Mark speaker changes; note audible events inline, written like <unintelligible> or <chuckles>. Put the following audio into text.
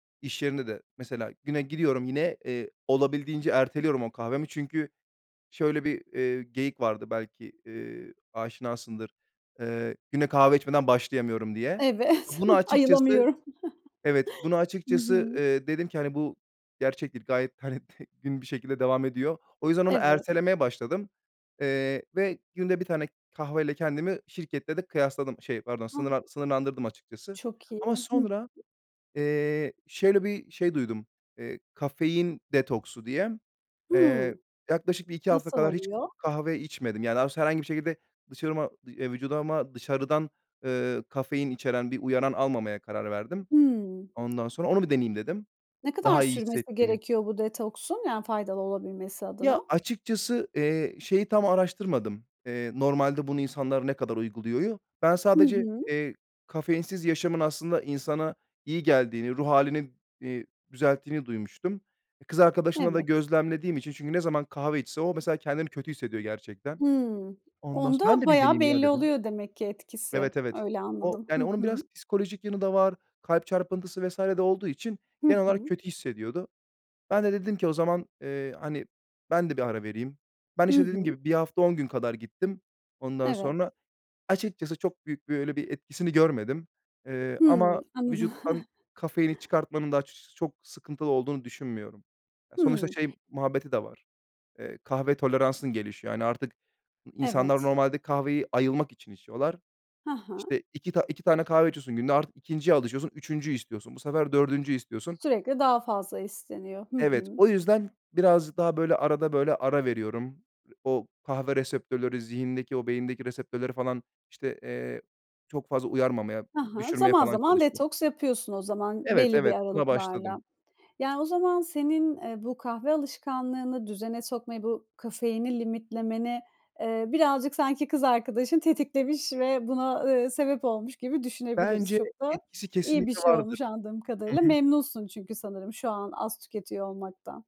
Speaker 1: İş yerinde de mesela güne gidiyorum yine, eee, olabildiğince erteliyorum o kahvemi. Çünkü şöyle bir, eee, geyik vardı belki, eee, aşinasındır. Eee, "Güne kahve içmeden başlayamıyorum." diye.
Speaker 2: Evet,
Speaker 1: Bunu açıkçası
Speaker 2: ayılamıyorum.
Speaker 1: Evet, bunu
Speaker 2: Hı
Speaker 1: açıkçası,
Speaker 2: hı.
Speaker 1: eee, dedim ki, hani, "Bu gerçektir." gayet, hani, t gün bir şekilde devam ediyor. O yüzden onu
Speaker 2: Evet.
Speaker 1: ertelemeye başladım. Eee, ve günde 1 tane kahveyle kendimi şirkette de kıyasladım, şey, pardon,
Speaker 2: <unintelligible>
Speaker 1: sınırla sınırlandırdım açıkçası.
Speaker 2: Çok iyi.
Speaker 1: Ama sonra,
Speaker 2: <unintelligible>
Speaker 1: eee, şöyle bir şey duydum, eee, "kafein detoksu" diye.
Speaker 2: Hıı.
Speaker 1: Eee, yaklaşık 1-2 hafta
Speaker 2: Nasıl
Speaker 1: kadar hiç
Speaker 2: oluyor?
Speaker 1: kahve içmedim. Yani, <unintelligible> herhangi bir şekilde dışarıma eee, vücuduma dışarıdan, eee, kafein içeren bir uyaran almamaya karar verdim.
Speaker 2: Hıı.
Speaker 1: Ondan sonra onu bir deneyeyim dedim
Speaker 2: Ne kadar
Speaker 1: daha iyi
Speaker 2: sürmesi
Speaker 1: hissettiğini.
Speaker 2: gerekiyor bu detoksun? Yani, faydalı olabilmesi
Speaker 1: Ya,
Speaker 2: adına?
Speaker 1: açıkçası, eee, şeyi tam araştırmadım, eee, "Normalde bunu insanlar ne kadar uyguluyor?" u. Ben
Speaker 2: Hı
Speaker 1: sadece,
Speaker 2: hı.
Speaker 1: eee, kafeinsiz yaşamın aslında insana iyi geldiğini, ruh hâlini, eee, düzelttiğini duymuştum. Kız arkadaşımda da
Speaker 2: Evet.
Speaker 1: gözlemlediğim için çünkü ne zaman kahve içse o mesela kendini kötü hissediyor gerçekten.
Speaker 2: Hıı.
Speaker 1: Ondan s "Ben
Speaker 2: Onda
Speaker 1: de bir
Speaker 2: bayağı
Speaker 1: deneyeyim ya."
Speaker 2: belli
Speaker 1: dedim.
Speaker 2: oluyor demek ki etkisi.
Speaker 1: Evet, evet.
Speaker 2: Öyle
Speaker 1: O
Speaker 2: anladım.
Speaker 1: yani,
Speaker 2: Hı
Speaker 1: onun
Speaker 2: hı.
Speaker 1: biraz psikolojik yanı da var. Kalp çarpıntısı vs. de olduğu için
Speaker 2: Hı
Speaker 1: genel olarak
Speaker 2: hı.
Speaker 1: kötü hissediyordu. Ben de dedim ki, "O zaman, eee, hani, ben de bir ara vereyim." Ben,
Speaker 2: Hı
Speaker 1: işte, dediğim
Speaker 2: hı.
Speaker 1: gibi 1 hafta 10 gün kadar gittim. Ondan
Speaker 2: Evet.
Speaker 1: sonra açıkçası çok büyük bir, öyle bir etkisini görmedim. Eee, ama
Speaker 2: Hımm. Anladım.
Speaker 1: vücuttan
Speaker 2: <chuckles>
Speaker 1: kafeini çıkartmanın da açıkçası çok sıkıntılı olduğunu düşünmüyorum. Ya, sonuçta
Speaker 2: Hımm.
Speaker 1: şey muhabbeti de var. Eee, kahve toleransın gelişiyor. Hani, artık n insanlar
Speaker 2: Evet.
Speaker 1: normalde kahveyi ayılmak için içiyorlar.
Speaker 2: Hı hı.
Speaker 1: İşte, 2 ta 2 tane kahve içiyorsun günde, artık 2.’nciye alışıyorsun, 3.’üncüyü istiyorsun. Bu sefer 4.’üncüyü istiyorsun.
Speaker 2: Sürekli daha fazla isteniyor. Hı
Speaker 1: Evet,
Speaker 2: hı.
Speaker 1: o yüzden birazcık daha, böyle, arada, böyle, ara veriyorum. O kahve reseptörleri zihindeki o beyindeki reseptörleri falan, işte, eee, çok fazla uyarmamaya,
Speaker 2: Ha ha.
Speaker 1: düşürmeye
Speaker 2: Zaman
Speaker 1: falan
Speaker 2: zaman
Speaker 1: çalışıyor.
Speaker 2: detoks yapıyorsun o zaman
Speaker 1: Evet,
Speaker 2: belli bir
Speaker 1: evet, buna başladım.
Speaker 2: aralıklarla. Yani, o zaman senin, eee, bu kahve alışkanlığını düzene sokmayı, bu kafeini limitlemeni, eee, birazcık sanki kız arkadaşın tetiklemiş ve buna, ııı, sebep olmuş gibi düşünebiliriz.
Speaker 1: Bence
Speaker 2: Çok da
Speaker 1: etkisi
Speaker 2: iyi bir
Speaker 1: kesinlikle
Speaker 2: şey
Speaker 1: vardır.
Speaker 2: olmuş anladığım
Speaker 1: Hı
Speaker 2: kadarıyla.
Speaker 1: hı.
Speaker 2: Memnunsun çünkü sanırım şu an az tüketiyor olmaktan.